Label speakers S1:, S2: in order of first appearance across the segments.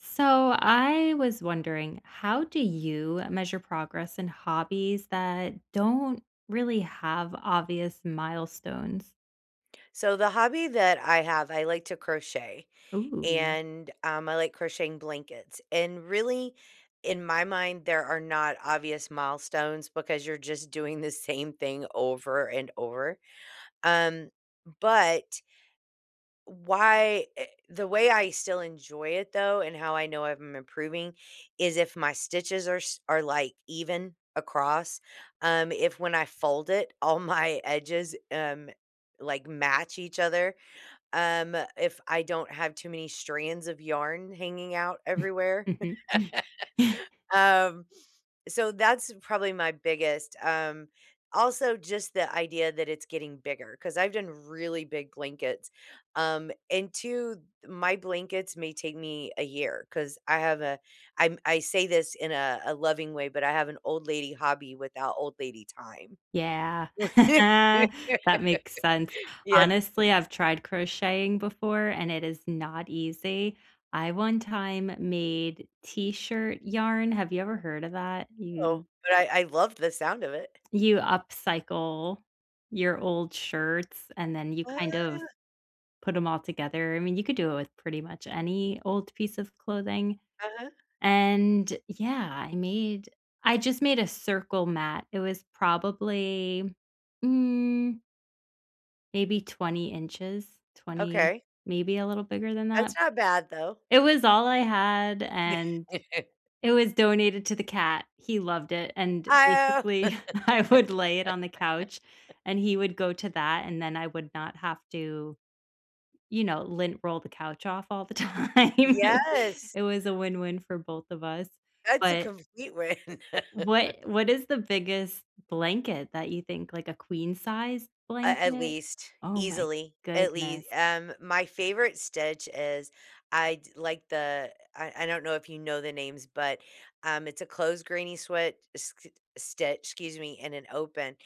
S1: So, I was wondering, how do you measure progress in hobbies that don't really have obvious milestones?
S2: So, the hobby that I have, I like to crochet,
S1: Ooh.
S2: and, um, I like crocheting blankets. And, really, in my mind, there are not obvious milestones, because you're just doing the same thing over and over. Um, but why eh the way I still enjoy it, though, and how I know if I'm improving is if my stitches are s are, like, even across. Um, if when I fold it, all my edges, um, like, match each other. Um, if I don't have too many strands of yarn hanging out everywhere. Um, so, that's probably my biggest, um also, just the idea that it's getting bigger, 'cause I've done really big blankets, um, and too my blankets may take me a year, 'cause I have a I'm I say this in a a loving way, but I have an old lady hobby without old lady time.
S1: Yeah. That makes sense.
S2: Yes.
S1: Honestly, I've tried crocheting before, and it is not easy. I, one time, made T-shirt yarn. Have you ever heard of that?
S2: No,
S1: You
S2: but I I love the sound of it.
S1: you upcycle your old shirts, and then you,
S2: Wha
S1: kind of, put 'em all together. I mean, you could do it with pretty much any old piece of clothing,
S2: Uh-huh.
S1: and, yeah, I made I just made a circle mat. It was probably, mm maybe 20 inches, 20
S2: Okay.
S1: maybe a little bigger than
S2: That's
S1: that.
S2: not bad, though.
S1: It was all I had, and it was donated to the cat. He loved it. And,
S2: I
S1: basically, I would lay it on the couch,
S2: oh
S1: and he would go to that, and then I would not have to, you know, lint roll the couch off all the time.
S2: Yes.
S1: It was a win-win for both of us.
S2: That's a
S1: But
S2: complete win.
S1: what what is the biggest blanket that you think, like, a queen-size
S2: At at
S1: blanket?
S2: least,
S1: Oh my
S2: easily. At
S1: goodness.
S2: lea Um, my favorite stitch is I'd like the I I don't know if you know the names, but, um, it's a closed granny sweat s s stitch, excuse me, and an open.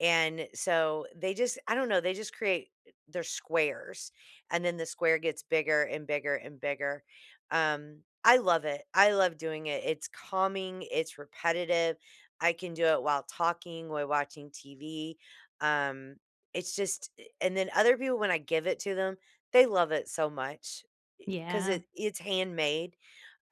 S2: And, so, they just I don't know, they just create they're squares, and then the square gets bigger and bigger and bigger. Um, I love it, I love doing it. It's calming, it's repetitive, I can do it while talking, while watching TV, um, it's just a and then other people, when I give it to them, they love it so much. I 'cause
S1: Yeah.
S2: it it's handmade.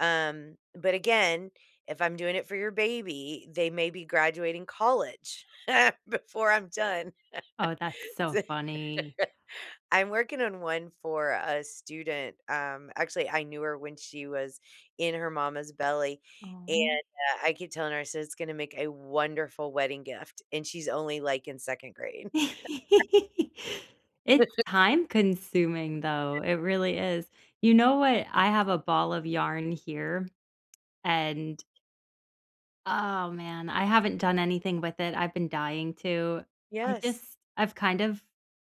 S2: Um, but, again, if I'm doing it for your baby, they may be graduating college, before I'm done.
S1: Oh, that's
S2: D
S1: so funny.
S2: I'm working on one for a student, um, actually I knew her when she was in her mama's belly, and,
S1: Aw.
S2: uh, I keep telling her, I said, "It's gonna make a wonderful wedding gift," and she's only, like, in 2nd grade.
S1: It's time-consuming, though. It really is. You know what?
S2: Hm.
S1: I have a ball of yarn here, and oh, man, I haven't done anything with it. I've been dying to. I
S2: Yes.
S1: just I've kind of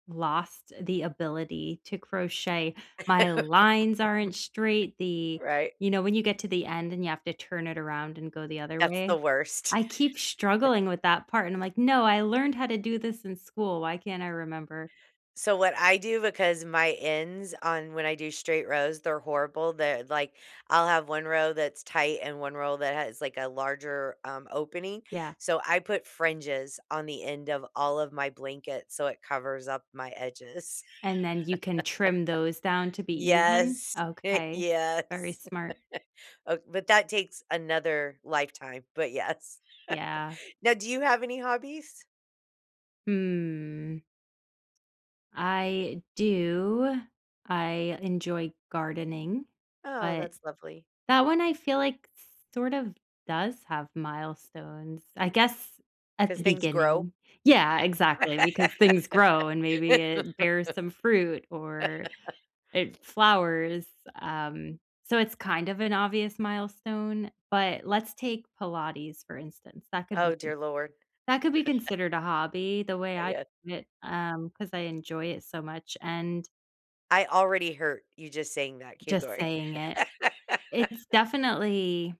S1: lost the ability to crochet. My lines aren't straight, the
S2: Right.
S1: you know, when you get to the end and you have to turn it around and go the other
S2: That's the
S1: way?
S2: worst.
S1: I keep struggling with that part, and I'm like, "No. I learned how to do this in school. Why can't I remember?"
S2: So, what I do, because my ends on when I do straight rows, they're horrible, they're like, I'll have 1one row that's tight and one row that has, like, a larger, um, opening,
S1: Yeah.
S2: so, I put fringes on the end of all of my blankets so it covers up my edges.
S1: And then you can trim those down to be even?
S2: Yes,
S1: Okay. Very
S2: yes.
S1: smart.
S2: O But that takes another lifetime, but yes.
S1: Yeah.
S2: Now, do you have any hobbies?
S1: Hmm. I do. I enjoy gardening,
S2: Oh,
S1: but
S2: that's lovely.
S1: that one I feel like, sort of, does have milestones,
S2: Eh.
S1: I guess, at
S2: 'Cause
S1: the
S2: things grow?
S1: beginning. Yeah, exactly, because things grow and maybe it bears some fruit or it flowers, um, so it's, kind of, an obvious milestone, but let's take Pilates for instance. That could be
S2: Oh,
S1: con
S2: dear Lord.
S1: that could be considered a hobby, the way
S2: Uh,
S1: I
S2: yeah.
S1: see it, um, 'cause I enjoy it so much, and
S2: I already hurt, you just saying that, keep
S1: just
S2: going.
S1: saying it It's definitely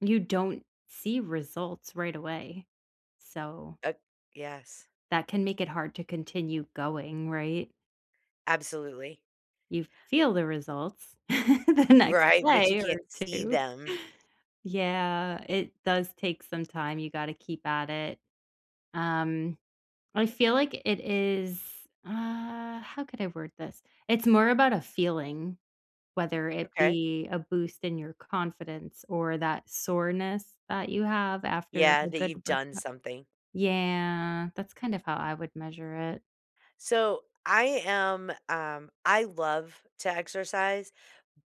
S1: you don't see results right away, so
S2: Uh Yes.
S1: that can make it hard to continue going, right?
S2: Absolutely.
S1: You feel the results the next
S2: Right, but you
S1: day or
S2: can't see
S1: 2.
S2: them.
S1: Yeah, it does take some time. You gotta keep at it. Um, I feel like it is uh, how could I word this? It's more about a feeling, whether it
S2: Okay.
S1: be a boost in your confidence or that soreness that you have after
S2: Yeah,
S1: a
S2: that
S1: good
S2: you've done
S1: workout.
S2: something.
S1: Yeah, that's kind of how I would measure it.
S2: So, I am um, I love to exercise,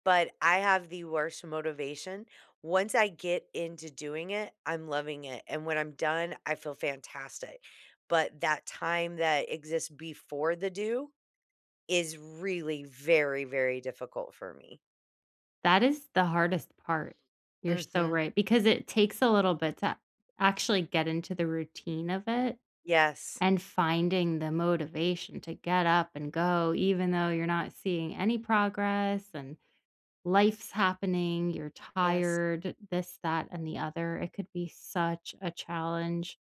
S2: but I have the worst motivation, once I get into doing it, I'm loving it, and when I'm done, I feel fantastic, but that time that exists before the do, is really, very, very difficult for me.
S1: That is the hardest part. You're so
S2: Mhm.
S1: right, because it takes a little bit to actually get into the routine of it,
S2: Yes.
S1: and finding the motivation to get up and go even though you're not seeing any progress and life's happening, you're
S2: Yes.
S1: tired, this, that, and the other, it could be such a challenge.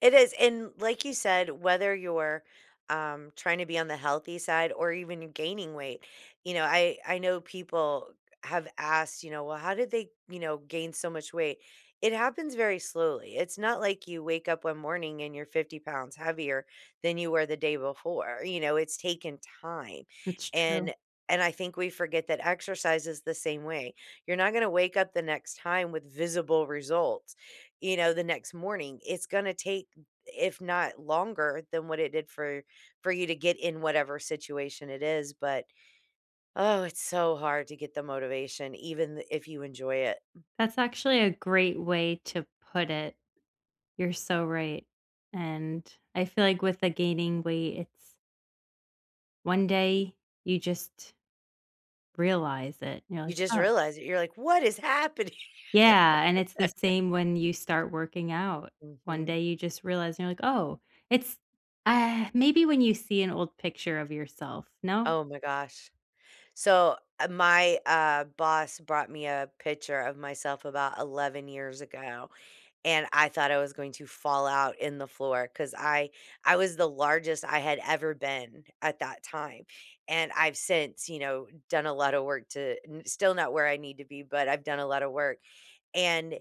S2: It is, and like you said, whether you're, um, tryna be on the healthy side or even gaining weight, you know, I I know people, eh, have asked, you know, "Well, how did they, you know, gain so much weight?" It happens very slowly, it's not like you wake up one morning and you're 50 pounds heavier, than you were the day before, you know, it's taking time,
S1: It's true.
S2: and and I think we forget that exercise is the same way, you're not gonna wake up the next time with visible results, you know, the next morning, it's gonna take, if not longer than what it did for for you to get in whatever situation it is, but, oh, it's so hard to get the motivation even th if you enjoy it.
S1: That's actually a great way to put it. You're so right, and I feel like with the gaining weight, it's one day, you just realize it, you know,
S2: You
S1: like,
S2: just
S1: "Oh"
S2: realize it, you're like, "What is happening?!"
S1: Yeah, and it's the same when you start working out, one
S2: Mhm.
S1: day you just realize, you know, like, "Oh," it's maybe when you see an old picture of yourself, no?
S2: Oh my gosh. So, ah, my, uh, boss brought me a picture of myself about 11 years ago, and I thought I was going to fall out in the floor 'cause I I was the largest I had ever been, at that time, and I've since, you know, done a lotta work to n still not where I need to be, but I've done a lotta work, and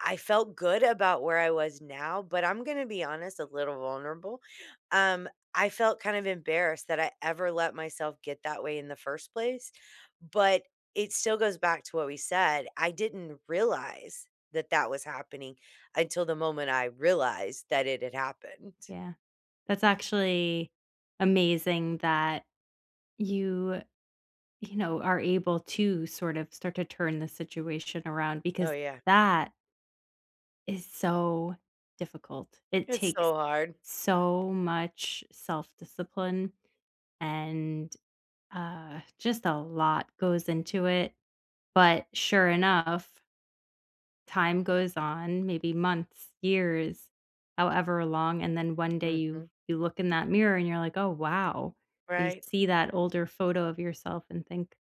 S2: I felt good about where I was now, but I'm gonna be honest, a little vulnerable, um, I felt kind of embarrassed that I ever let myself get that way in the 1st place, but it still goes back to what we said, I didn't realize that that was happening, until the moment I realized that it had happened.
S1: Yeah, that's actually amazing that you you know, are able to sort of start to turn the situation around
S2: Oh,
S1: because
S2: yeah.
S1: that is so difficult, it
S2: It's
S1: takes
S2: so hard.
S1: so much self-discipline and, uh, just a lot goes into it, but sure enough time goes on, maybe months, years, however long, and then one day you
S2: Mhm.
S1: you look in that mirror and you're like, "Oh, wow," you
S2: Right?
S1: see that older photo of yourself and think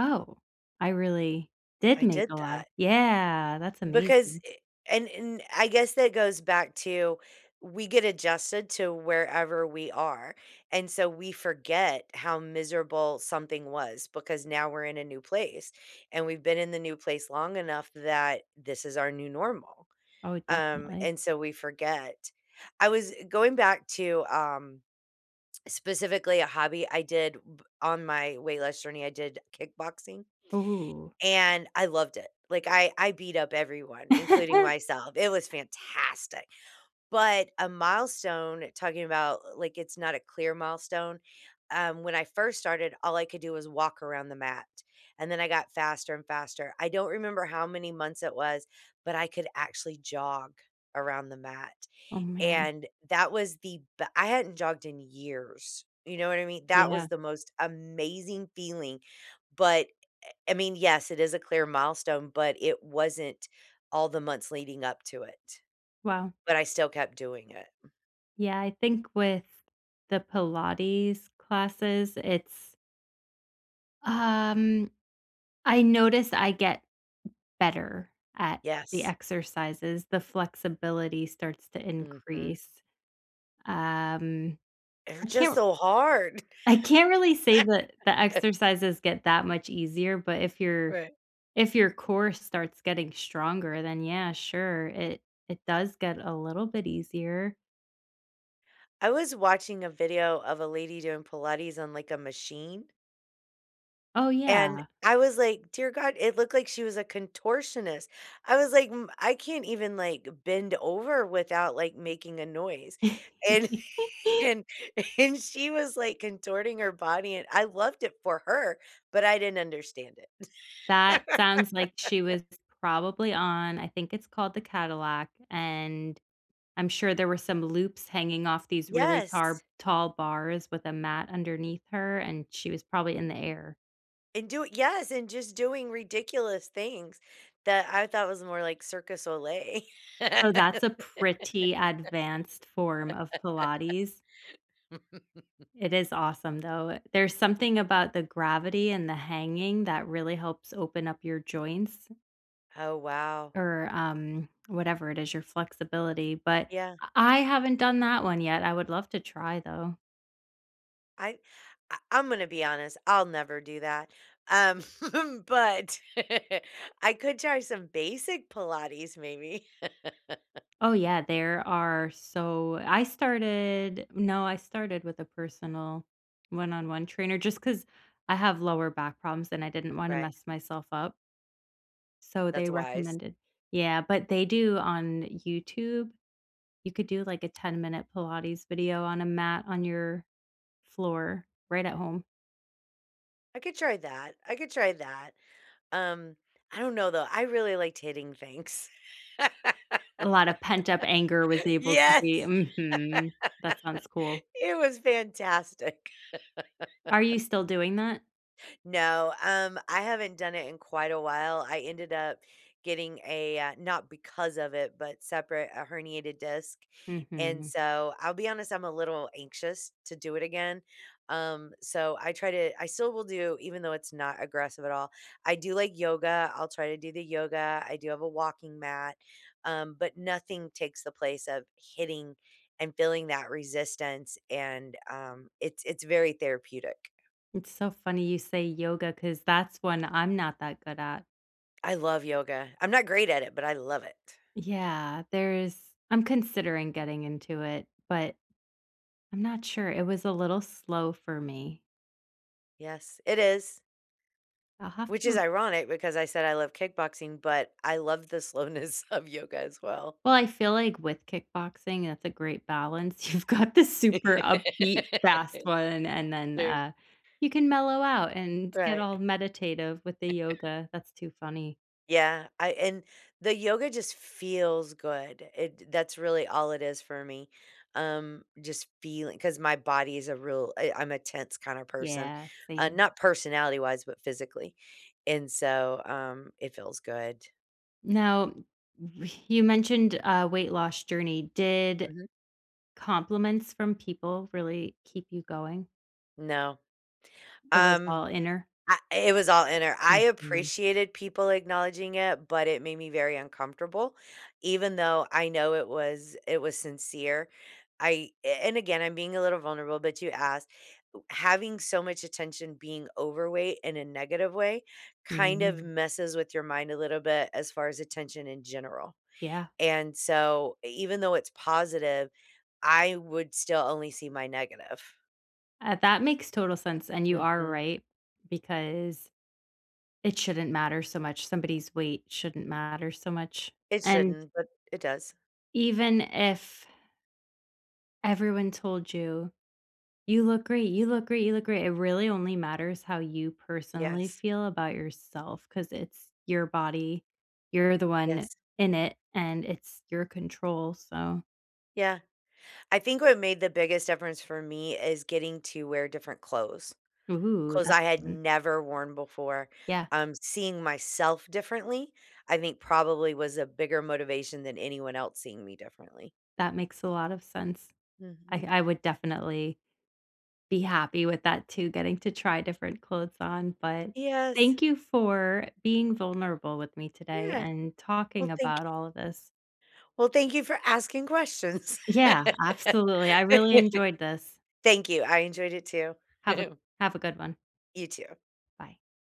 S1: Oh, I really did
S2: I
S1: make
S2: did
S1: a lot,
S2: that.
S1: yeah, that's
S2: Because
S1: amazing.
S2: eh, an and I guess that goes back to we get adjusted to wherever we are, and so we forget how miserable something was, because now we're in a new place, and we've been in the new place long enough that this is our new normal,
S1: Oh,
S2: um,
S1: definitely.
S2: and so we forget. I was, eh, going back to, um, specifically a hobby I did, b on my weight loss journey, I did kickboxing,
S1: Ooh.
S2: and I loved it, like, I I beat up everyone, including myself, it was fantastic, but a milestone, talking about, l like, it's not a clear milestone, um, when I first started, all I could do was walk around the mat, and then I got faster and faster. I don't remember how many months it was, but I could actually jog around the mat,
S1: Oh, man.
S2: and that was the b I hadn't jogged in years, you know what I mean? That was
S1: Yeah.
S2: the most amazing feeling, but, eh, eh, I mean, yes, it is a clear milestone, but it wasn't all the months leading up to it.
S1: Wow.
S2: But I still kept doing it.
S1: Yeah, I think with the Pilates classes, it's um, I noticed I get better at the
S2: Yes.
S1: exercises, the flexibility starts to
S2: Mhm.
S1: increase, um,
S2: They're
S1: I can't
S2: just
S1: r
S2: so hard.
S1: I can't really say that the exercises get that much easier, but if your
S2: Right.
S1: if your core starts getting stronger, then, yeah, sure, it it does get a little bit easier.
S2: I was watching a video of a lady doing Pilates on, like, a machine
S1: Oh,
S2: and
S1: yeah.
S2: I was like, "Dear God," it looked like she was a contortionist, I was like, "M I can't even, like, bend over without, like, making a noise," and and and she was, like, contorting her body, and I loved it for her, but I didn't understand it.
S1: That sounds like she was probably on- I think it's called the Cadillac, and I'm sure there were some loops hanging off these really tar
S2: Yes.
S1: tall bars with a mat underneath her, and she was probably in the air.
S2: And do it yes, and just doing ridiculous things that I thought was more like Cirque du Soleil.
S1: Oh, that's a pretty advanced form of pilates. It is awesome, though, it There's something about the gravity and the hanging that really helps open up your joints
S2: Oh, wow.
S1: or, um, whatever it is, your flexibility. But,
S2: Yeah.
S1: uh, I haven't done that one yet. I would love to try, though.
S2: I I I'm gonna be honest, I'll never do that, um, but I could try some basic pilates, maybe.
S1: Oh, yeah. There are so I started no, I started with a personal one-on-one trainer, just 'cause I have lower back problems, and I didn't wanna
S2: Right.
S1: mess myself up so, they
S2: That's wise.
S1: recommended Yeah, but they do on YouTube, you could do, like, a ten-minute pilates video on a mat on your floor right at home.
S2: I could try that, I could try that. Um, I don't know, though, I really liked hitting things.
S1: A lotta pent up anger was able to be
S2: Yes.
S1: Mhm. That sounds cool.
S2: It was fantastic.
S1: Are you still doing that?
S2: No, um, I haven't done it in quite a while, I ended up getting a, uh, not because of it, but separate a herniated disc. And
S1: Mhm.
S2: so, I'll be honest, I'm a little anxious to do it again. Um, so I try to I still will do even though it's not aggressive at all, I do like yoga, I'll try to do the yoga, I do have a walking mat, um, but nothing takes the place of hitting and feeling that resistance, and, um, it's it's very therapeutic.
S1: It's so funny you say yoga, 'cause that's one I'm not that good at.
S2: I love yoga. I'm not great at it, but I love it.
S1: Yeah, there is I'm considering getting into it, but I'm not sure. It was a little slow for me.
S2: Yes, it is.
S1: I'll have to
S2: Which is
S1: r
S2: ironic, because I said I love kickboxing, but I love the slowness of yoga as well.
S1: Well, I feel like with kickboxing, that's a great balance. You've got the super upbeat fast one, and then,
S2: Sure.
S1: uh, you can mellow out and get all
S2: Right.
S1: meditative with the yoga, that's too funny.
S2: Yeah. I and the yoga just feels good. It that's really all it is for me. Um, just feeling 'cause my body is a real I I'm a tense kinda person.
S1: Yeah,
S2: Uh,
S1: same.
S2: not personality-wise, but physically. And so, um, it feels good.
S1: Now, you mentioned a weight loss journey. Did
S2: Mhm.
S1: compliments from people really keep you going?
S2: No.
S1: It was
S2: Um.
S1: all inner?
S2: Ah it was all inner. I
S1: Mhm.
S2: appreciated people acknowledging it, but it made me very uncomfortable, even though I know it was it was sincere. I a and, again, I'm being a little vulnerable, but you asked. Having so much attention being overweight in a negative way kind of
S1: Mhm.
S2: messes with your mind a little bit, as far as attention in general.
S1: Yeah.
S2: And so, even though it's positive, I would still only see my negative.
S1: Ah, that makes total sense. And you are
S2: Mhm.
S1: right because it shouldn't matter so much, somebody's weight shouldn't matter so much.
S2: It
S1: And
S2: shouldn't, but it does.
S1: even if everyone told you, "You look great. You look great. You look great." It really only matters how you personally
S2: Yes.
S1: feel about yourself 'cause it's your body. You're the one
S2: Yes.
S1: in it, and it's your control. So
S2: Yeah. I think what made the biggest difference for me is getting to wear different clothes.
S1: Ooh,
S2: Clothes
S1: that's
S2: I had
S1: fun.
S2: never worn before.
S1: Yeah.
S2: Um, seeing myself differently, I think, probably, was a bigger motivation than anyone else seeing me differently.
S1: That makes a lot of sense. I
S2: Mhm.
S1: I would definitely be happy with that too getting to try different clothes on. But
S2: Yes.
S1: thank you for being vulnerable with me today
S2: Yeah.
S1: and
S2: Well,
S1: talking
S2: thank
S1: about all of this.
S2: well, thank you for asking questions.
S1: Yeah. Absolutely. I really enjoyed this.
S2: Thank you. I enjoyed it too.
S1: Have a have a good one.
S2: You too.
S1: Bye.